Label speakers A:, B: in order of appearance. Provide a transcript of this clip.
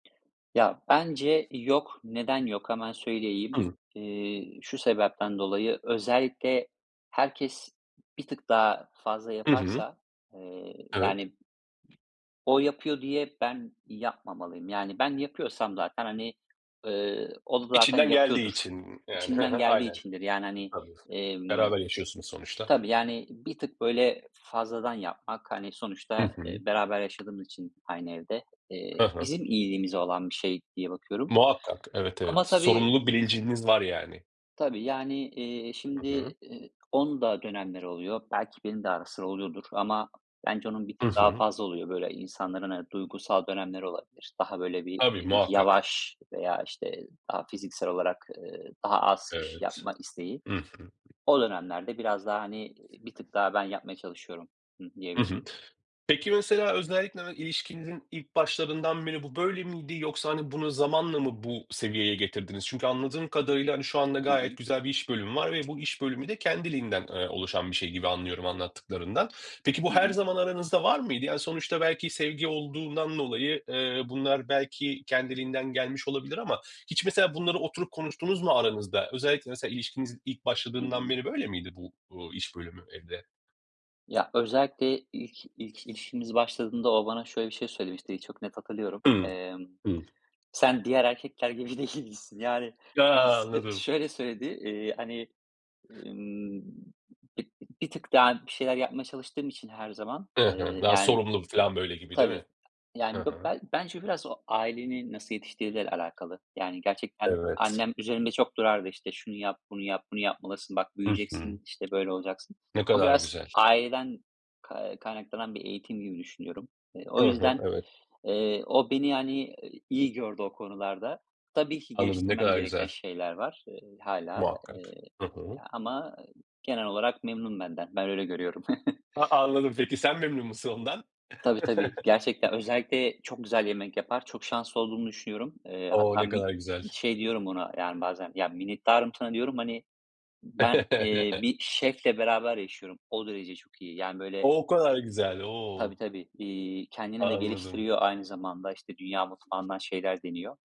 A: Ya, bence yok. Neden yok? Hemen söyleyeyim.
B: [unintelligible]
A: İii, şu sebepten dolayı, özellikle herkes bir tık daha fazla
B: Hı hı.
A: yaparsa, eee,
B: Evet.
A: yani, o yapıyor diye ben yapmamalıyım. Yani, ben yapıyorsam zaten, hani, ııı, o da zaten
B: İçinden geldiği
A: yapıyordur.
B: için, yani, hı
A: İçinden
B: hı,
A: geldiği
B: aynen.
A: içindir. Yani, hani,
B: [unintelligible]
A: emm,
B: beraber yaşıyorsunuz sonuçta.
A: tabii, yani, bir tık böyle fazladan yapmak, hani, eee,
B: Hı
A: sonuçta
B: hı.
A: beraber yaşadığımız için aynı evde,
B: Hı
A: eee,
B: hı.
A: bizim iyiliğimize olan bir şey diye bakıyorum
B: Muhakkak, evet evet,
A: ama tabii
B: sorumluluk bilinciniz var yani.
A: Tabii, yani, iii,
B: Hı
A: şimdi,
B: hı.
A: iii, onun da dönemleri oluyor. Belki benim de ara sıra oluyordur ama bence onun bir
B: I
A: tık daha
B: hı.
A: fazla oluyor. Böyle, insanların, ııı, duygusal dönemleri olabilir. Daha böyle, bir,
B: Tabii
A: iii,
B: muhakkak.
A: yavaş veya işte daha fiziksel olarak, ııı, daha az iş
B: Evet.
A: yapma isteği.
B: I hı.
A: O dönemlerde biraz daha, hani, iii, bir tık daha ben yapmaya çalışıyorum, hı hı,
B: Iı
A: diyebilirim.
B: hı. Peki, mesela özellikle de ilişkinizin ilk başlarından beri bu böyle miydi yoksa, hani, bunu zamanla mı bu seviyeye getirdiniz? Çünkü anladığım kadarıyla, hani, şu anda
A: Hı
B: gayet
A: hı.
B: güzel bir iş bölümü var ve bu iş bölümü de kendiliğinden, ııı, oluşan bir şey gibi anlıyorum anlattıklarından. Peki
A: Hı
B: bu her
A: hı.
B: zaman aranızda var mıydı? Yani, sonuçta belki sevgi olduğundan dolayı, eee, bunlar belki kendiliğinden gelmiş olabilir ama hiç mesela bunları oturup konuştunuz mu aranızda? Özellikle mesela ilişkiniz ilk
A: Hı
B: başladığından
A: hı.
B: beri böyle miydi bu, uuu, iş bölümü evde?
A: Ya, özellikle ilk, ilk ilişkimiz başladığında o bana şöyle bir şey söylemişti, çok net hatırlıyorum.
B: Hıı.
A: Emm,
B: Hıı.
A: "Sen diğer erkekler gibi değilsin." Yani, onu
B: Ya.
A: s
B: Anladım.
A: şöyle söyledi. İii, hani, ımm, b bir tık daha bir şeyler yapmaya çalıştığım için her zaman,
B: Hı
A: ııı,
B: hı. Daha
A: yani,
B: sorumlu bu filan, böyle gibi, değil
A: tabii
B: mi? Hı
A: yani be
B: hı.
A: bence biraz o ailenin nasıl yetiştirdiğiyle alakalı. Yani, gerçekten
B: Evet.
A: annem üzerimde çok dururdu. İşte, şunu yap, bunu yap, bunu yapmalısın, bak
B: Hı hı.
A: büyüyeceksin, işte, böyle olacaksın.
B: Ne
A: O
B: kadar
A: biraz
B: güzel.
A: aileden kay kaynaklanan bir eğitim gibi düşünüyorum. Eee, o
B: Hı hı.
A: yüzden,
B: Evet.
A: eee, o beni, yani, iyi gördü o konularda. Tabii ki
B: Anladım, ne
A: geliştirmem
B: kadar
A: gereken
B: güzel.
A: şeyler var, eee, hâlâ,
B: Muhakkak.
A: eee,
B: Hı hı.
A: ama, ııı, genel olarak memnun benden. Ben öyle görüyorum.
B: Ha, anladım peki sen memnun musun ondan?
A: Tabii, tabii. Gerçekten özellikle çok güzel yemek yapar. Çok şanslı olduğumu düşünüyorum. Eee,
B: O!
A: hatta
B: Ne
A: mi
B: kadar güzel.
A: şey diyorum buna, yani, bazen. "Ya minnettarım sana." diyorum. Hani, ben, eee, bir şefle beraber yaşıyorum. O derece çok iyi yani, böyle.
B: O kadar güzel,
A: Tabii,
B: o.
A: tabii. İii, kendini de
B: Anladım.
A: geliştiriyor aynı zamanda. İşte, dünya mutfağından şeyler deniyor.